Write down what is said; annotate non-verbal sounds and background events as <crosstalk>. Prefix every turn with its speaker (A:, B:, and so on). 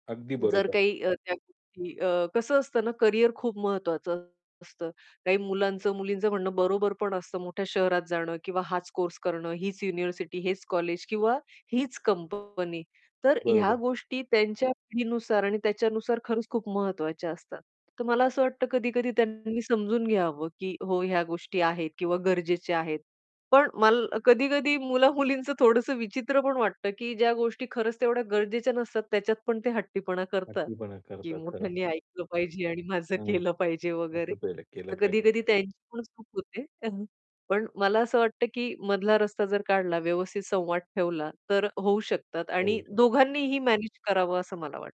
A: अगदी
B: जर
A: बरोबर.
B: काही अ, त्या गोष्टी अ कसं असतं ना, कॅरियर खूप महत्त्वाचं असतं. काही मुलांचं-मुलींचं म्हणणं बरोबर पण असतं मोठ्या शहरात जाणं किंवा हाच कोर्स करणं, हीच युनिव्हर्सिटी, हेच कॉलेज किंवा हीच कंपनी. तर ह्या
A: बरोबर.
B: गोष्टी त्यांच्या पिढीनुसार आणि त्याच्यानुसार खरंच खूप महत्त्वाच्या असतात. तर मला
A: हां.
B: असं वाटतं कधी-कधी त्यांनी समजून घ्यावं, की "हो, ह्या गोष्टी आहेत किंवा गरजेच्या आहेत." पण माल कधी-कधी मुला-मुलींचं थोडंसं विचित्र पण वाटतं, की ज्या गोष्टी खरंच तेवढ्या गरजेच्या नसतात त्याच्यात पण ते हट्टीपणा करतात,
A: हट्टीपणा
B: की
A: करतात, खरं.
B: मोठ्यांनी ऐकलं पाहिजे आणि माझं
A: हं.
B: केलं पाहिजे वगैरे.
A: असं पहिले केलं
B: तर
A: पाहिजे.
B: कधी-कधी त्यांची पण चूक होते. <chuckles> पण मला असं वाटतं, की मधला रस्ता जर काढला, व्यवस्थित संवाद ठेवला, तर होऊ शकतात
A: होऊ
B: आणि
A: शकतं.
B: दोघांनीही मॅनेज करावं असं मला वाटतं.